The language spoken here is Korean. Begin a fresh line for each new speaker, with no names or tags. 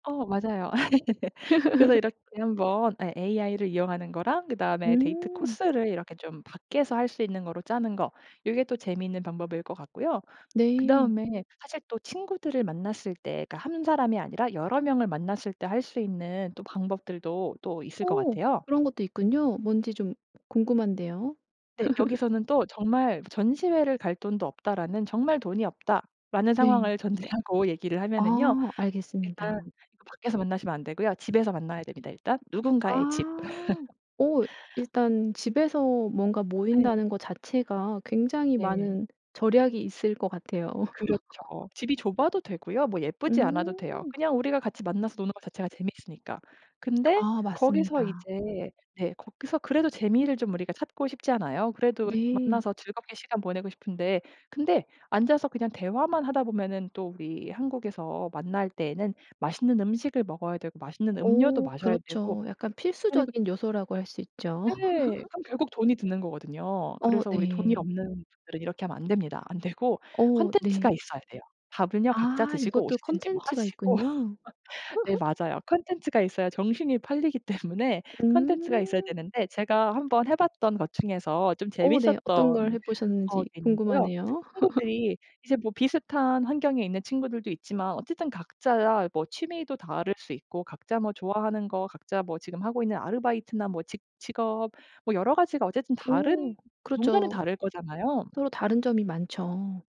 어 맞아요. 그래서 이렇게 한번 예 AI 를 이용하는 거랑 그다음에 데이트
음.
코스를 이렇게 좀 밖에서 할 수 있는 거로 짜는 거 요게 또 재밌는 방법일 것 같고요.
네.
그다음에 사실 또 친구들을 만났을 때 그러니까 1 사람이 아니라 여러 명을 만났을 때 할 수 있는 또 방법들도 또 있을 것
오
같아요.
그런 것도 있군요. 뭔지 좀 궁금한데요.
네. 여기서는 또 정말 '전시회를 갈 돈도 없다.'라는 '정말 돈이 없다.'라는
네.
상황을 전제하고 얘기를 하면은요.
어
일단
알겠습니다.
밖에서 만나시면 안 되고요. 집에서 만나야 됩니다 일단. 누군가의 집.
아. 어 일단 집에서 뭔가
예.
모인다는 거 자체가 굉장히
네.
많은 절약이 있을 것 같아요.
그렇죠. 집이 좁아도 되고요. 뭐 예쁘지 않아도 돼요.
음.
그냥 우리가 같이 만나서 노는 거 자체가 재밌으니까. 근데
아
거기서
맞습니다.
이제 네 거기서 그래도 재미를 좀 우리가 찾고 싶잖아요. 그래도
네.
만나서 즐겁게 시간 보내고 싶은데 근데 앉아서 그냥 대화만 하다 보면은 또 우리 한국에서 만날 때에는 맛있는 음식을 먹어야 되고 맛있는 음료도
오
마셔야 되고
그렇죠. 약간
그러니까
필수적인 요소라고 할 수 있죠.
네 그럼 결국 돈이 드는 거거든요.
어
그래서 우리 돈이
네.
없는 분들은 이렇게 하면 안 됩니다. 안 되고
어
콘텐츠가
네.
있어야 돼요. 밥은요 각자
아
드시고
이것도
오시든지 뭐
콘텐츠가
하시고.
있군요.
네. 맞아요. 콘텐츠가 있어야 정신이 팔리기 때문에 콘텐츠가 있어야
음.
되는데 제가 1 번 해 봤던 것 중에서 좀
어 네.
재밌었던
어떤 걸 해
어
보셨는지
게 있는데요.
궁금하네요.
친구들이 이제 뭐 비슷한 환경에 있는 친구들도 있지만 어쨌든 각자 뭐 취미도 다를 수 있고 각자 뭐 좋아하는 거 각자 뭐 지금 하고 있는 아르바이트나 뭐 직 직업 뭐 여러 가지가 어쨌든 다른
오
뭔가는
그렇죠.
다를 거잖아요.
서로 다른 점이 많죠.